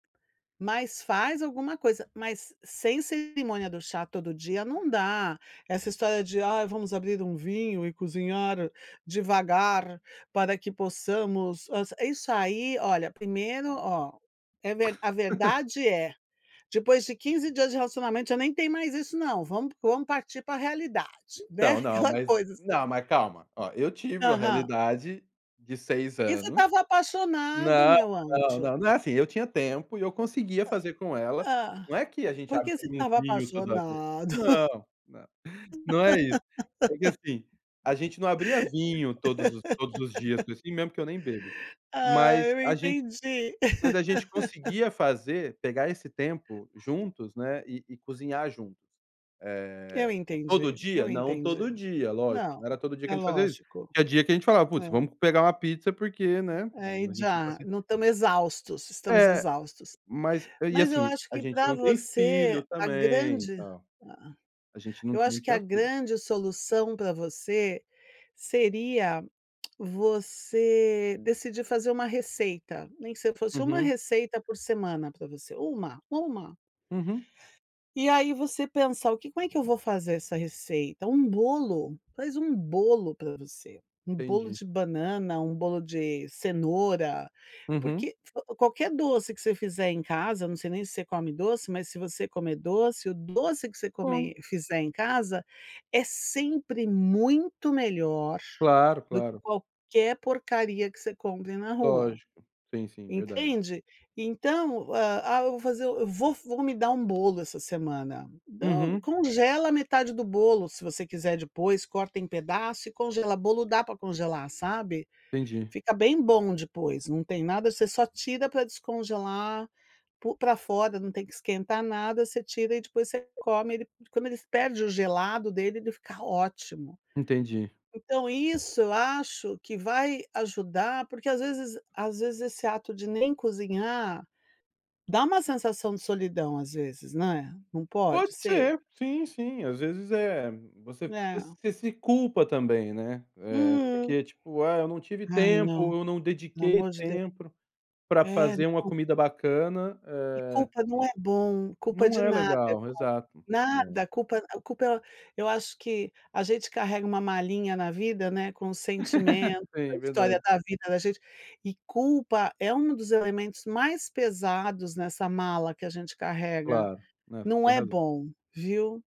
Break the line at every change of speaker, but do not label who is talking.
Mas faz alguma coisa, mas sem cerimônia do chá todo dia não dá, essa história de: "Ai, vamos abrir um vinho e cozinhar devagar para que possamos a" isso aí olha, primeiro, ó, é ver a verdade é: depois de 15 dias de relacionamento já nem tem mais isso não. Vamo vamos partir pra realidade,
Então,
né,
não,
aquela
mas
coisa assim.
não, mas calma, ó, eu tive uma
Aham.
realidade de 6
E você
anos
estava apaixonado,
não,
meu
não,
anjo.
não, não é assim, eu tinha tempo e eu conseguia fazer com ela.
Hã?
Não é que a gente
Por que você
abria um
estava
vinho toda vez.
apaixonado.
Não, não, não é isso. É que, assim, a gente não abria vinho todos os todos os dias, assim, mesmo que eu nem bebo.
Ah,
Mas
eu
a gente
entendi.
mas a gente conseguia fazer pegar esse tempo juntos, né, e e cozinhar juntos.
Eu
Eh, todo
entendi,
dia?
eu
Não todo
entendi.
dia, lógico,
Não,
não era todo dia que
é
a gente fazia isso.
lógico.
Tinha dia que a gente falava: "Puts,
É.
vamos pegar uma pizza, porque, né",
Aí
a gente tá
já
se
não estamos exaustos estamos
É,
exaustos.
mas e,
Mas eu
assim,
acho
a
que
gente
pra
não tem
você,
filho
a
também e
grande
tal.
ah.
A gente não
Eu
não
acho que a
tinha filho.
grande solução pra você seria você decidir fazer uma receita, nem que você fosse 1
Uhum.
receita por semana pra você. 1, 1.
Uhum.
E aí você pensa: "O que como é que eu vou fazer essa receita?". Um bolo, faz um bolo pra você. Um bolo
Entendi.
de banana, um bolo de cenoura,
Uhum.
porque qualquer doce que você fizer em casa, não sei nem se você come doce, mas se você comer doce, o doce que você
Como.
comer fizer em casa é sempre muito melhor
Claro,
do que
claro.
qualquer porcaria que você compre na rua,
Lógico. Sim, sim, verdade.
entende. Então: "Ah ah, eu vou fazer eu vou vou me dar um bolo essa semana". Do
Uhum.
congela metade do bolo se você quiser depois, corta em pedaço e congela. Bolo dá pra congelar, sabe.
Entendi.
Fica bem bom depois, não tem nada você só tira pra descongelar po pra fora, não tem que esquentar nada. Você tira e depois você come, ele quando ele perde o gelado dele ele fica ótimo.
Entendi.
Então isso eu acho que vai ajudar, porque às vezes às vezes esse ato de nem cozinhar, dá um sensação de solidão às vezes, né. Não
Pode
pode ser?
ser. Sim, sim. Às vezes, eh, você
É.
você se culpa também, né. É,
Hum.
porque tipo: "Ah, eu não tive
Ai, não,
tempo, eu não
pelo
dediquei
amor de Deu
tempo pra
É,
fazer uma
não
comida bacana,
E
eh"
culpa não é bom, culpa
Não
de
é
nada é
legal
bom.
exato. Não.
Nada. Culpa culpa eu acho que a gente carrega uma malinha na vida, né, com o sentimento, a
Sim,
história
verdade.
da vida da gente, e culpa é um dos elementos mais pesados nessa mala que a gente carrega.
Claro, não, você
Não
tem
é
razão.
bom, viu.